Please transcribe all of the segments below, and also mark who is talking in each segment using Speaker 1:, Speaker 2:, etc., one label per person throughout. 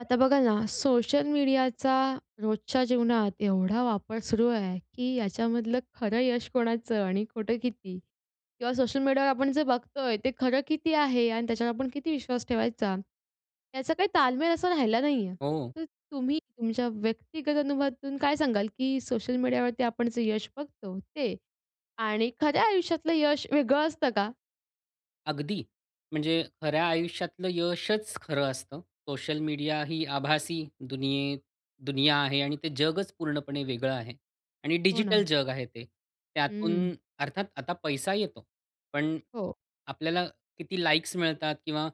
Speaker 1: आता बघा ना, सोशल मीडियाचा रोजच्या जीवनात एवढा वापर सुरू आहे की याच्यामधलं खरं यश कोणाचं आणि खोटं किती किंवा सोशल मीडियावर आपण जे बघतो आहे, ते खरं किती आहे आणि त्याच्यावर आपण किती विश्वास ठेवायचा, याचा काही तालमेल असा राहिला नाही आहे.
Speaker 2: हो.
Speaker 1: तर तुम्ही तुमच्या व्यक्तिगत अनुभवातून काय सांगाल की सोशल मीडियावरती आपण जे यश बघतो, ते आणि खऱ्या आयुष्यातलं यश वेगळं असतं का?
Speaker 2: अगदी, म्हणजे खऱ्या आयुष्यातलं यशच खरं असतं. सोशल मीडिया ही आभासी दुनिये दुनिया आहे आणि ते जगच पूर्णपणे वेगळं आहे आणि
Speaker 1: हो
Speaker 2: डिजिटल
Speaker 1: ना.
Speaker 2: जग आहे ते. त्यातून
Speaker 1: हं.
Speaker 2: अर्थात आता पैसा येतो, पण
Speaker 1: हो.
Speaker 2: आपल्याला किती लाईक्स मिळतात किंवा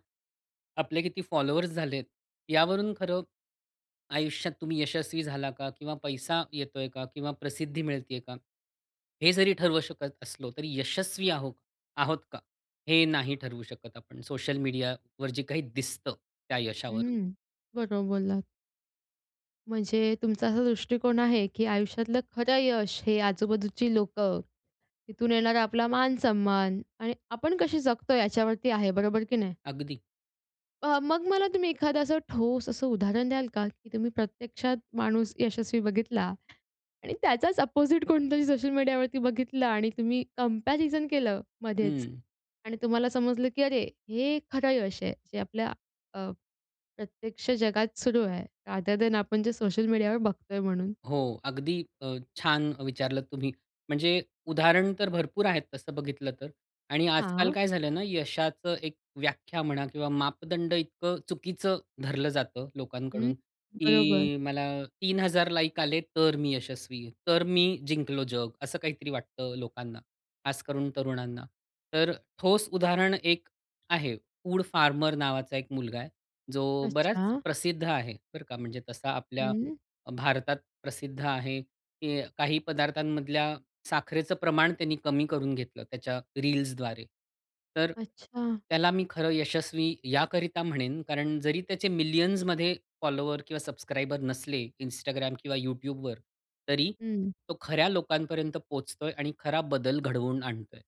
Speaker 2: आपले किती फॉलोवर्स झाले आहेत, यावरून खरं आयुष्यात तुम्ही यशस्वी झाला का, किंवा पैसा येतो आहे का, किंवा प्रसिद्धी मिळते आहे का, हे जरी ठरवू शकत असलो, तरी यशस्वी आहो आहोत का, हे नाही ठरवू शकत आपण, सोशल मीडियावर जे काही दिसतं त्या यशावरून.
Speaker 1: हं. बरोबर बोललात. म्हणजे तुमचा असा दृष्टिकोन आहे, की आयुष्यातलं खरं यश हे आजूबाजूची लोकं, तिथून येणारा आपला मान-सन्मान आणि आपण कसे जगतोय याच्यावरती आहे बरोबर की नाही.
Speaker 2: अगदी.
Speaker 1: अ, मग मला तुम्ही एखादं असं ठोस असं उदाहरण द्याल का? की तुम्ही प्रत्यक्षात माणूस यशस्वी बघितला आणि त्याचाच अपोझिट कोणतरी सोशल मीडियावरती बघितला आणि तुम्ही कम्पॅरिझन केलं मध्येच
Speaker 2: हं.
Speaker 1: आणि तुम्हाला समजलं की "अरे, हे खरं यश आहे जे आपल्या अ, प्रत्यक्ष जगात सुरू आहे, रादर दॅन आपण जे सोशल मीडियावर बघतोय म्हणून."
Speaker 2: हो अगदी अ, छान विचारलंत तुम्ही, म्हणजे उदाहरण तर भरपूर आहेत तसं बघितलं तर आणि आजकाल
Speaker 1: हां.
Speaker 2: काय झालंय ना, यशाचं एक व्याख्या म्हणा किंवा मापदंड इतकं चुकीचं धरलं जातं
Speaker 1: हं,
Speaker 2: लोकांकडून,
Speaker 1: बरोबर.
Speaker 2: की मला 3000 लाइक आले, तर मी यशस्वी, तर मी जिंकलो जग. असं काहीतरी वाटतं लोकांना खासकरून तरुणांना. तर ठोस उदाहरण एक आहे वूड फार्मर नावाचा एक मुलगा आहे. जो बराच
Speaker 1: अच्छा.
Speaker 2: प्रसिद्ध आहे बरं का म्हणजे तसा आपल्या
Speaker 1: हं.
Speaker 2: अ, भारतात प्रसिद्ध आहे की काही पदार्थांमधल्या साखरेचं प्रमाण त्यांनी कमी करून घेतलं त्याच्या रील्सद्वारे. तर
Speaker 1: अच्छा.
Speaker 2: त्याला मी खरं यशस्वी याकरिता म्हणेन कारण जरी त्याचे मिलियन्समध्ये फॉलोवर किंवा सब्सक्राइबर नसले Instagram किंवा YouTubeवर तरी
Speaker 1: हं.
Speaker 2: तो खऱ्या लोकांपर्यंत पोहोचतोय आणि खरा बदल घडवून आणतोय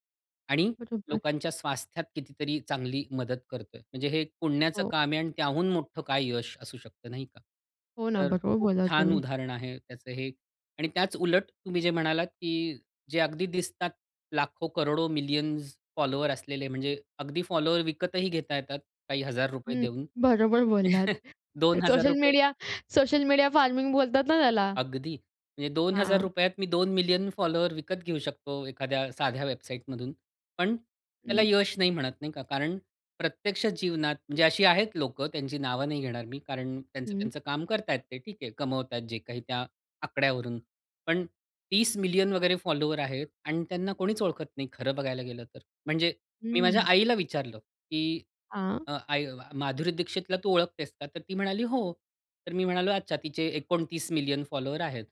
Speaker 2: आणि
Speaker 1: बरोबर.
Speaker 2: लोकांच्या स्वास्थ्यात कितीतरी चांगली मदत करतोय. म्हणजे हे पुण्याचं
Speaker 1: हो.
Speaker 2: काम आहे आणि त्याहून मोठं काय यश असू शकतं, नाही का?
Speaker 1: हो ना,
Speaker 2: तर
Speaker 1: बरोबर
Speaker 2: खूप
Speaker 1: बोलात
Speaker 2: छान
Speaker 1: तुम्ही.
Speaker 2: उदाहरण आहे त्याचं हे आणि त्याच उलट तुम्ही जे म्हणालात की जे अगदी दिसतात लाखो-करोडो मिलियन्स फॉलोअर्स असलेले म्हणजे अगदी फॉलोअर्स विकतही घेता येतात, काही हजार रुपये
Speaker 1: हं,
Speaker 2: देऊन.
Speaker 1: बरोबर बोललात.
Speaker 2: दोन हजार
Speaker 1: सोशल
Speaker 2: रुपये
Speaker 1: मीडिया सोशल मीडिया फार्मिंग बोलतात ना, त्याला.
Speaker 2: अगदी. म्हणजे दोन हजार
Speaker 1: हां.
Speaker 2: रुपयात यात मी 2 मिलियन फॉलोअर्स विकत घेऊ शकतो एखाद्या साध्या वेबसाईटमधून. पण त्याला
Speaker 1: हं.
Speaker 2: यश नाही म्हणत नाही का कारण प्रत्यक्ष जीवनात, म्हणजे अशी आहेत लोकं त्यांची नावं नाही घेणार मी, कारण त्यांचं
Speaker 1: हं.
Speaker 2: त्यांचं काम करत आहेत ते ठीक आहे कमवत आहेत जे काही त्या आकड्यावरून. पण 30 मिलियन वगैरे फॉलोवर आहेत आणि त्यांना कोणीच ओळखत नाही खरं बघायला गेलं तर. म्हणजे मी माझ्या
Speaker 1: हं.
Speaker 2: आईला विचारलं की,
Speaker 1: हां.
Speaker 2: अ, "आई, माधुरी दीक्षितला तू ओळखतेस का?" तर ती म्हणाली, "हो." तर मी म्हणालो, "अच्छा, तिचे 29 मिलियन फॉलोअर्स आहेत."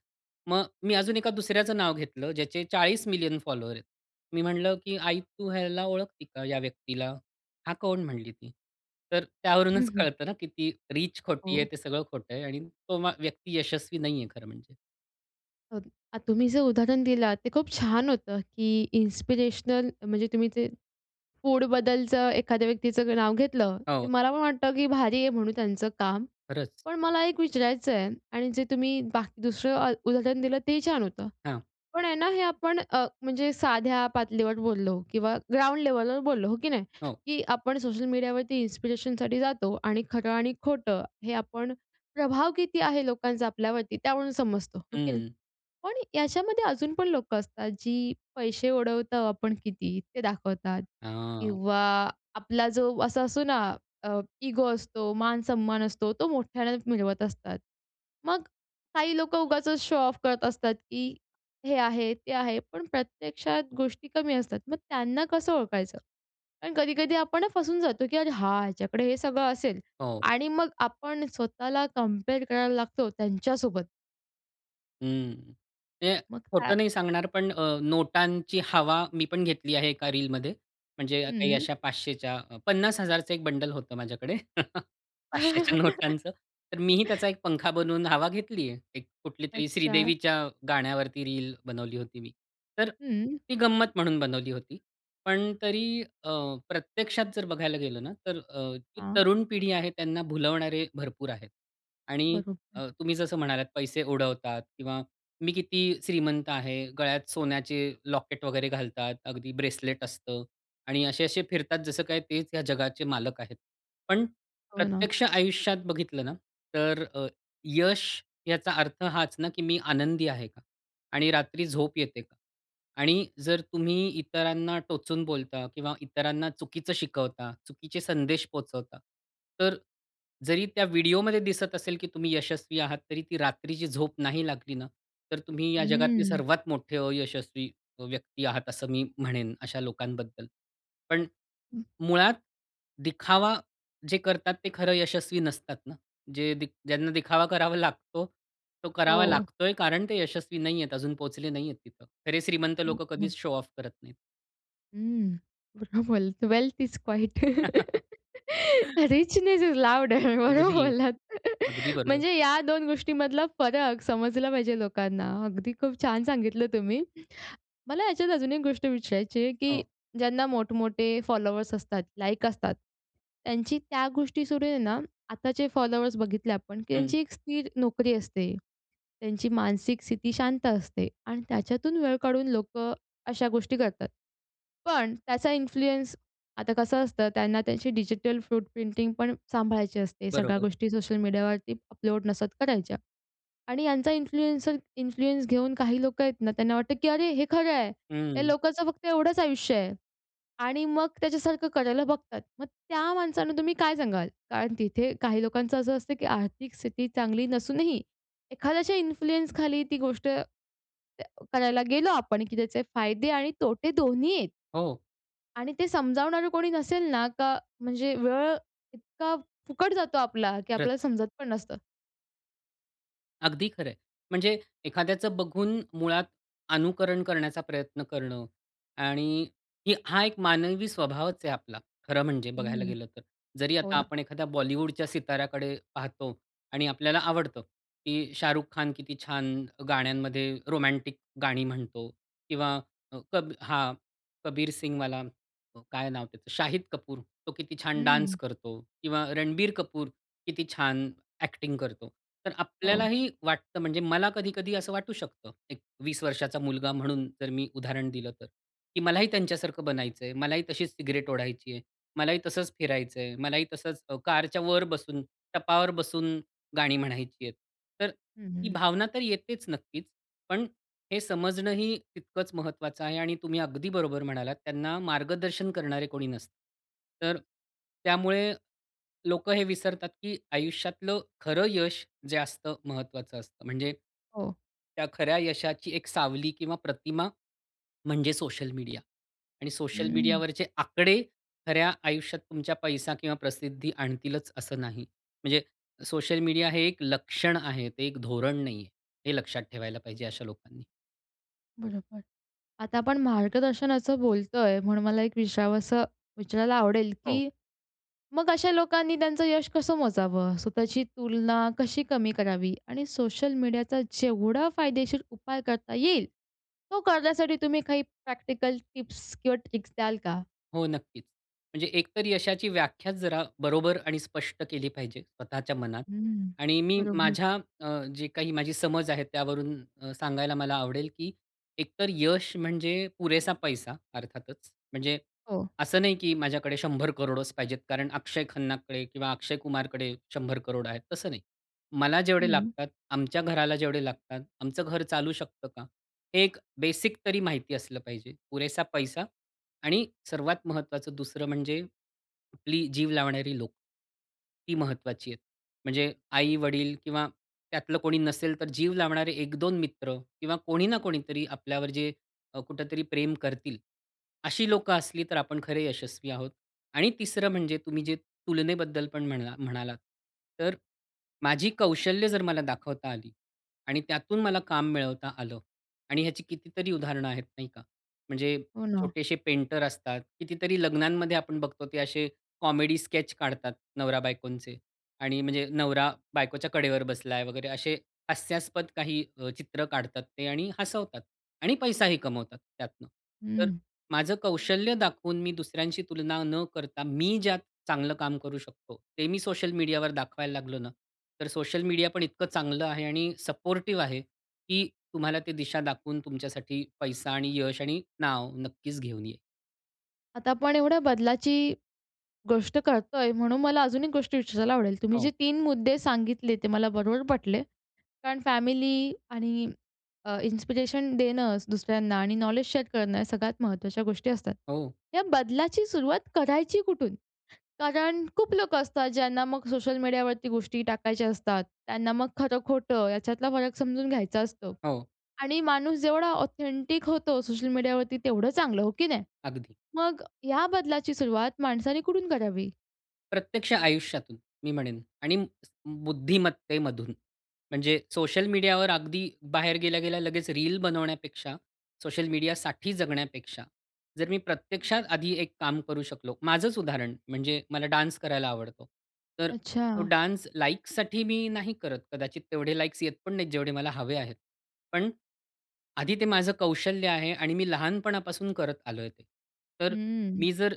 Speaker 2: मग मी अजून एका दुसऱ्याचं नाव घेतलं ज्याचे 40 मिलियन फॉलोअर्स आहेत. मी म्हणलं की "आई, तू ह्याला ओळखती का या व्यक्तीला?" "हा कोण?" म्हणली ती. तर
Speaker 1: हं,
Speaker 2: त्यावरूनच
Speaker 1: हं.
Speaker 2: कळतं ना, की ती रिच खोटी आहे
Speaker 1: हो.
Speaker 2: ते सगळं खोटं आहे आणि तो मा व्यक्ती यशस्वी नाहीये खरं म्हणजे.
Speaker 1: ओके अ, तुम्ही जर उदाहरण दिलात ते खूप छान होतं, की इन्स्पिरेशनल म्हणजे तुम्ही ते फूडबद्दलचं एखाद्या व्यक्तीचं नाव घेतलं, तर
Speaker 2: हो.
Speaker 1: मला पण वाटतं की भारी आहे म्हणून त्यांचं काम.
Speaker 2: खरंच.
Speaker 1: पण मला एक विचारायचं आहे आणि जे तुम्ही बाकी दुसरं उदाहरण दिलं ते ही छान होतं.
Speaker 2: हां.
Speaker 1: पण आहे ना हे आपण अ, म्हणजे साध्या पातळीवर बोललो किंवा ग्राउंड लेवलवर बोललो, हो की नाही?
Speaker 2: हो.
Speaker 1: की आपण सोशल मीडियावरती इन्स्पिरेशनसाठी जातो. आणि खरं आणि खोटं हे आपण प्रभाव किती आहे लोकांचा आपल्यावरती त्यावरून समजतो, हो की नाही?
Speaker 2: हं.
Speaker 1: पण याच्यामध्ये अजून पण लोकं असतात जी पैसे उडवतो आपण किती ते दाखवतात
Speaker 2: हां.
Speaker 1: किंवा आपला जो असा असतो ना, अ, इगो असतो, मान-सन्मान असतो तो मोठ्यानं मिरवत असतात. मग काही लोकं उगाचच शो ऑफ करत असतात, की हे आहे, ते आहे. पण प्रत्यक्षात गोष्टी कमी असतात. मग त्यांना कसं ओळखायचं. कारण कधी-कधी आपण फसून जातो, की अरे हा! ह्याच्याकडे हे सगळं असेल.
Speaker 2: हो.
Speaker 1: आणि मग आपण स्वतःला कंपेअर करायला लागतो त्यांच्यासोबत.
Speaker 2: हं. ते
Speaker 1: मग का
Speaker 2: खोटं नाही सांगणार पण अ, नोटांची हवा मी पण घेतली आहे एका रीलमध्ये म्हणजे काही
Speaker 1: हं.
Speaker 2: अशा 500च्या 50,000चं एक बंडल होतं माझ्याकडे 500च्या. तर मीही त्याचा एक पंखा बनवून हवा घेतली आहे. कुठलीतरी
Speaker 1: अच्छा.
Speaker 2: श्रीदेवीच्या गाण्यावरती रील बनवली होती मी. तर
Speaker 1: हं.
Speaker 2: ती गंमत म्हणून बनवली होती. पण तरी अ, प्रत्यक्षात जर बघायला गेलं ना तर अ, ती
Speaker 1: हां.
Speaker 2: तरुण पिढी आहे त्यांना भुलवणारे भरपूर आहेत. आणि
Speaker 1: बरोबर.
Speaker 2: अ, तुम्ही जसं म्हणालात पैसे उडवतात किंवा मी किती श्रीमंत आहे. गळ्यात सोन्याचे लॉकेट वगैरे घालतात. अगदी ब्रेसलेट असतं. आणि असे-असे फिरतात जसं काय तेच या जगाचे मालक आहेत. पण
Speaker 1: हो ना.
Speaker 2: प्रत्यक्ष आयुष्यात बघितलं ना तर अ, यश याचा अर्थ हाच ना, की मी आनंदी आहे का? आणि रात्री झोप येते का? आणि जर तुम्ही इतरांना टोचून बोलता किंवा इतरांना चुकीचं शिकवता, चुकीचे संदेश पोहचवता तर जरी त्या व्हिडिओमध्ये दिसत असेल की तुम्ही यशस्वी आहात, तरी ती रात्रीची झोप नाही लागली ना, तर तुम्ही या जगातली
Speaker 1: हं.
Speaker 2: सर्वात मोठे अयशस्वी अ, व्यक्ती आहात, असं मी म्हणेन अशा लोकांबद्दल. पण मुळात दिखावा जे करतात ते खरं यशस्वी नसतात ना. जे दिख ज्यांना दिखावा करावा लागतो, तो करावा
Speaker 1: हो.
Speaker 2: लागतोय कारण ते यशस्वी नाहीयेत, अजून पोहोचले नाहीयेत तिथं. खरे श्रीमंत लोकं
Speaker 1: [unintelligible]
Speaker 2: कधीच शो ऑफ करत नाहीत.
Speaker 1: हं. बरोबर बोललात, "wealth is quiet." "Richness is loud," बरोबर
Speaker 2: अगदी.
Speaker 1: बोललात.
Speaker 2: अगदी बरोबर.
Speaker 1: म्हणजे या 2 गोष्टींमधला फरक समजला पाहिजे लोकांना अगदी खूप छान सांगितलं तुम्ही. मला याच्यात अजून एक गोष्ट विचारायची आहे, की
Speaker 2: हो.
Speaker 1: ज्यांना मोठमोठे फॉलोवर्स असतात, लाईक असतात. त्यांची त्या गोष्टी सुरू आहे ना, आताचे फॉलोवर्स बघितले आपण की
Speaker 2: हं.
Speaker 1: त्यांची एक स्थिर नोकरी असते. त्यांची मानसिक स्थिती शांत असते आणि त्याच्यातून वेळ काढून लोकं अशा गोष्टी करतात. पण त्याचा इन्फ्लुअन्स आता कसं असतं, त्यांना त्यांची डिजिटल फ्रूट प्रिंटिंग पण सांभाळायची असते. सगळ्या
Speaker 2: बरोबर.
Speaker 1: गोष्टी सोशल मीडियावरती अपलोड नसत करायच्या आणि यांचा इन्फ्लुएन्सर इन्फ्लुअन्स घेऊन काही लोकं आहेत ना, त्यांना वाटतं की "अरे, हे खरं आहे." या
Speaker 2: हं.
Speaker 1: लोकांचं फक्त एवढंच आयुष्य आहे आणि मग त्याच्यासारखं करायला बघतात. मग त्या माणसांना तुम्ही काय सांगाल? कारण तिथे काही लोकांचं असं असतं की आर्थिक स्थिती चांगली नसूनही एखाद्याच्या इन्फ्लुअन्स खाली ती गोष्ट करायला गेलो आपण की त्याचे फायदे आणि तोटे दोन्ही आहेत?
Speaker 2: हो.
Speaker 1: आणि ते समजावणारं कोणी नसेल ना, का म्हणजे वेळ इतका फुकट जातो आपला की
Speaker 2: खरंच.
Speaker 1: आपल्याला समजत पण नसतं.
Speaker 2: अगदी खरं आहे, म्हणजे एखाद्याचं बघून मुळात अनुकरण करण्याचा प्रयत्न करणं आणि ही हा एक मानवी स्वभावच आहे आपला, खरं म्हणजे बघायला
Speaker 1: हं,
Speaker 2: गेलं तर. जरी
Speaker 1: हो
Speaker 2: आता
Speaker 1: ना.
Speaker 2: आपण एखाद्या बॉलिवूडच्या सिताऱ्याकडे पाहतो आणि आपल्याला आवडतं, की शाहरुख खान किती छान गाण्यांमध्ये रोमॅन्टिक गाणी म्हणतो किंवा कब हां कबीर सिंगवाला काय नाव त्याचं शाहिद कपूर, तो किती छान
Speaker 1: हं.
Speaker 2: डान्स करतो किंवा रणबीर कपूर किती छान एक्टिंग करतो. तर आपल्याला
Speaker 1: हो.
Speaker 2: ही वाटतं, म्हणजे मला कधी-कधी असं वाटू शकतं. एक 20 वर्षाचा मुलगा म्हणून जर मी उदाहरण दिलं तर की मलाही त्यांच्यासारखं बनायचं आहे. मलाही तशीच सिगारेट ओढायची आहे, मलाही तसंच फिरायचं आहे, मलाही तसंच अ, कारच्या वर बसून, टपावर बसून गाणी म्हणायची आहे. तर
Speaker 1: हं,
Speaker 2: ही
Speaker 1: हं.
Speaker 2: भावना तर येतेच नक्कीच. पण हे समजणं ही तितकंच महत्त्वाचं आहे आणि तुम्ही अगदी बरोबर म्हणालात, त्यांना मार्गदर्शन करणारे कोणी नसतं. तर त्यामुळे लोकं हे विसरतात की आयुष्यातलं खरं यश जे असतं, महत्वाचं असतं. म्हणजे
Speaker 1: हो.
Speaker 2: त्या खऱ्या यशाची एक सावली किंवा प्रतिमा, म्हणजे सोशल मीडिया आणि सोशल
Speaker 1: हं.
Speaker 2: मीडियावरचे आकडे खऱ्या आयुष्यात तुमच्या पैसा किंवा प्रसिद्धी आणतीलच असं नाही. म्हणजे सोशल मीडिया हे एक लक्षण आहे ते एक धोरण नाही आहे, हे लक्षात ठेवायला पाहिजे अशा लोकांना.
Speaker 1: बरोबर. आता आपण मार्गदर्शनाचं बोलतोय म्हणून मला एक विचारावसं विचारायला आवडेल
Speaker 2: हो.
Speaker 1: की मग अशा लोकांनी त्यांचं यश कसं मोजावं? स्वतःची तुलना कशी कमी करावी? आणि सोशल मीडियाचा जेवढा फायदेशीर उपाय करता येईल, तो करण्यासाठी तुम्ही काही प्रॅक्टिकल टिप्स किंवा ट्रिक्स द्याल का?
Speaker 2: हो, नक्कीच. म्हणजे एकतर यशाची व्याख्याच जरा बरोबर आणि स्पष्ट केली पाहिजे स्वतःच्या मनात.
Speaker 1: हं.
Speaker 2: आणि मी,
Speaker 1: बरोबर.
Speaker 2: माझ्या अ, जे काही माझी समज आहे, त्यावरून अ, सांगायला मला आवडेल की एकतर यश म्हणजे पुरेसा पैसा अर्थातच. म्हणजे
Speaker 1: हो.
Speaker 2: असं नाही की माझ्याकडे 100,00,00,000 पाहिजेत. कारण अक्षय खन्नाकडे किंवा अक्षय कुमारकडे 100,00,00,000 आहेत. तसं नाही. मला जेवढे
Speaker 1: हं.
Speaker 2: लागतात, आमच्या घराला जेवढे लागतात, आमचं घर चालू शकतं का? एक बेसिक तरी माहिती असलं पाहिजे. पुरेसा पैसा आणि सर्वात महत्वाचं दुसरं म्हणजे कुठली जीव लावणारी लोकं. ही महत्वाची आहे. म्हणजे आई-वडील किंवा त्यातलं कोणी नसेल तर जीव लावणारे 1-2 मित्र किंवा कोणी ना कोणीतरी आपल्यावर जे अ, कुठेतरी प्रेम करतील अशी लोकं असली तर आपण खरे यशस्वी आहोत. आणि तिसरं म्हणजे तुम्ही जे तुलनेबद्दल पण म्हणला म्हणालात, तर माझी कौशल्य जर मला दाखवता आली आणि त्यातून मला काम मिळवता आलं. आणि ह्याची कितीतरी उदाहरणं आहेत नाही का? म्हणजे
Speaker 1: हो ना.
Speaker 2: छोटेशे पेंटर असतात. कितीतरी लग्नांमध्ये आपण बघतो ते असे कॉमेडी स्केच काढतात नवरा बायकोंचे आणि म्हणजे नवरा बायकोच्या कडेवर बसलाय वगैरे असे हास्यास्पद काही अ, चित्र काढतात ते आणि हसवतात. आणि पैसाही कमवतात त्यातनं. तर
Speaker 1: हं.
Speaker 2: माझं कौशल्य दाखवून मी दुसऱ्यांशी तुलना न करता मी ज्यात चांगलं काम करू शकतो, ते मी सोशल मीडियावर दाखवायला लागलो ना. तर सोशल मीडिया पण इतकं चांगलं आहे आणि सपोर्टिव्ह आहे की तुम्हाला ती दिशा दाखवून तुमच्यासाठी पैसा आणि यश आणि नाव नक्कीच घेऊन येईल.
Speaker 1: आता आपण एवढ्या बदलाची गोष्ट करतोय म्हणून मला अजून 1 गोष्ट विचारायला आवडेल. तुम्ही जे
Speaker 2: हो.
Speaker 1: 3 मुद्दे सांगितले ते मला बरोबर पटले. कारण फॅमिली आणि अ, इन्स्पिरेशन देणं दुसऱ्यांना आणि नॉलेज शेअर करणं या सगळ्यात महत्त्वाच्या गोष्टी असतात.
Speaker 2: हो.
Speaker 1: या बदलाची सुरुवात करायची कुठून. कारण खूप लोकं असतात ज्यांना मग सोशल मीडियावरती गोष्टी टाकायच्या असतात, त्यांना मग खरं-खोटं याच्यातला फरक समजून घ्यायचा असतो
Speaker 2: हो.
Speaker 1: आणि माणूस जेवढा ऑथेंटिक होतो सोशल मीडियावरती, तेवढं चांगलं हो की नाही?
Speaker 2: अगदी.
Speaker 1: मग या बदलाची सुरुवात माणसाने कुठून करावी?
Speaker 2: प्रत्यक्ष आयुष्यातून मी म्हणेन आणि स बुद्धिमत्तेमधून म्हणजे सोशल मीडियावर अगदी बाहेर गेल्या-गेल्या लगेच रील बनवण्यापेक्षा सोशल मीडियासाठी जगण्यापेक्षा जर मी प्रत्यक्षात आधी एक काम करू शकलो. माझंच उदाहरण म्हणजे मला डान्स करायला आवडतं. तर तो
Speaker 1: अच्छा.
Speaker 2: डान्स लाइकसाठी मी नाही करत कदाचित तेवढे लाईक्स येत पण नाहीत जेवढे मला हवे आहेत. पण आधी ते माझं कौशल्य आहे आणि मी लहानपणापासून करत आलोय ते. तर
Speaker 1: हंम्म.
Speaker 2: मी जर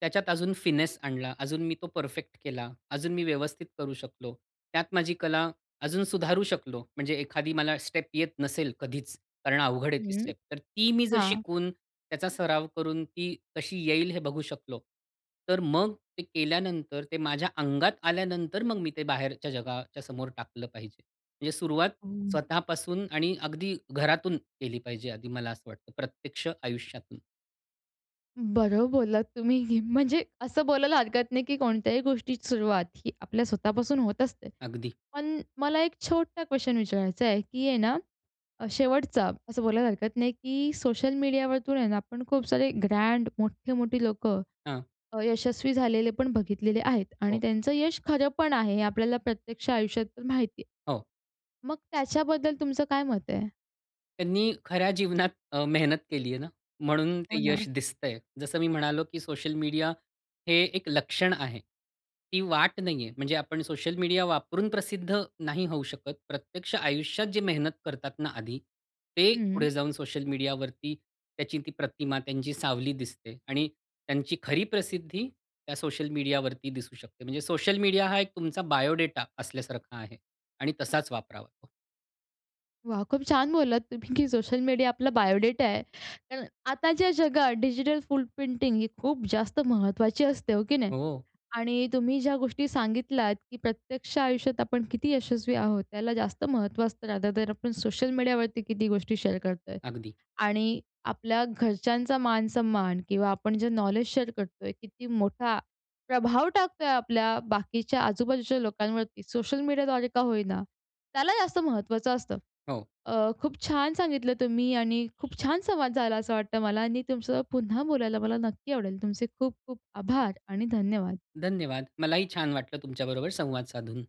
Speaker 2: त्याच्यात अजून फिनेस आणला अजून मी तो परफेक्ट केला अजून मी व्यवस्थित करू शकलो. त्यात माझी कला अजून सुधारू शकलो. म्हणजे एखादी मला स्टेप येत नसेल कधीच, कारण अवघड आहे ती
Speaker 1: हं,
Speaker 2: स्टेप तर ती मी जर
Speaker 1: हां.
Speaker 2: शिकून त्याचा सराव करून ती कशी येईल हे बघू शकलो. तर मग ते केल्यानंतर ते माझ्या अंगात आल्यानंतर मग मी ते बाहेरच्या जगाच्या समोर टाकलं पाहिजे. म्हणजे सुरुवात
Speaker 1: हं.
Speaker 2: स्वतःपासून आणि अगदी घरातून केली पाहिजे आधी मला असं वाटतं प्रत्यक्ष आयुष्यातून.
Speaker 1: बरोबर बोललात तुम्ही, म्हणजे असं बोलायला हरकत नाही, की कोणत्याही गोष्टीची सुरुवात ही आपल्या स्वतःपासून होत असते.
Speaker 2: अगदी.
Speaker 1: पण मला 1 छोटा क्वेशन विचारायचा आहे. की आहे ना शेवटचा असं बोलायला हरकत नाही की सोशल मीडियावरतून आहे ना पण खूप सारे ग्रँड मोठे-मोठे लोकं
Speaker 2: हां.
Speaker 1: अ, यशस्वी झालेले पण बघितलेले आहेत आणि
Speaker 2: हो.
Speaker 1: त्यांचं यश खरं पण आहे हे आपल्याला प्रत्यक्ष आयुष्यात पण माहिती आहे.
Speaker 2: हो.
Speaker 1: मग त्याच्याबद्दल तुमचं काय मत आहे?
Speaker 2: त्यांनी खऱ्या जीवनात अ, मेहनत केली आहे ना म्हणून ते
Speaker 1: हो
Speaker 2: यश
Speaker 1: ना.
Speaker 2: दिसतं आहे. जसं मी म्हणालो, की सोशल मीडिया हे एक लक्षण आहे. ती वाट नाही आहे म्हणजे आपण सोशल मीडिया वापरून प्रसिद्ध नाही होऊ शकत. प्रत्यक्ष आयुष्यात जे मेहनत करतात ना आधी ते
Speaker 1: हं, हं.
Speaker 2: पुढे जाऊन सोशल मीडियावरती त्याची ती प्रतिमा त्यांची सावली दिसते आणि त्यांची खरी प्रसिद्धी त्या सोशल मीडियावरती दिसू शकते. म्हणजे सोशल मीडिया हा एक तुमचा बायोडेटा असल्यासारखा आहे आणि तसाच वापरावा.
Speaker 1: वाह! खूप छान बोललात तुम्ही, की सोशल मीडिया आपला बायोडेटा आहे. कारण आताच्या जगात डिजिटल फुटप्रिंटिंग ही खूप जास्त महत्त्वाची असते हो, की नाही
Speaker 2: हो.
Speaker 1: आणि तुम्ही ज्या गोष्टी सांगितल्यात, की प्रत्यक्ष आयुष्यात आपण किती यशस्वी आहोत त्याला जास्त महत्त्व असतं रादर दॅन आपण सोशल मीडियावरती किती गोष्टी शेअर करत आहे
Speaker 2: अगदी.
Speaker 1: आणि आपल्या घरच्यांचा मान-सम्मान किंवा आपण जे नॉलेज शेअर करत आहे किती मोठा प्रभाव टाकत आहे आपल्या बाकीच्या आजूबाजूच्या लोकांवरती सोशल मीडियाद्वारे का होई ना त्याला जास्त महत्त्वाचं असतं.
Speaker 2: हो.
Speaker 1: अ, खूप छान सांगितलं तुम्ही आणि खूप छान संवाद झाला असं वाटतं मला आणि तुमच्या सोबत पुन्हा बोलायला मला नक्की आवडेल. तुमचे खूप-खूप आभार आणि धन्यवाद.
Speaker 2: धन्यवाद. मलाही छान वाटलं तुमच्याबरोबर संवाद साधून.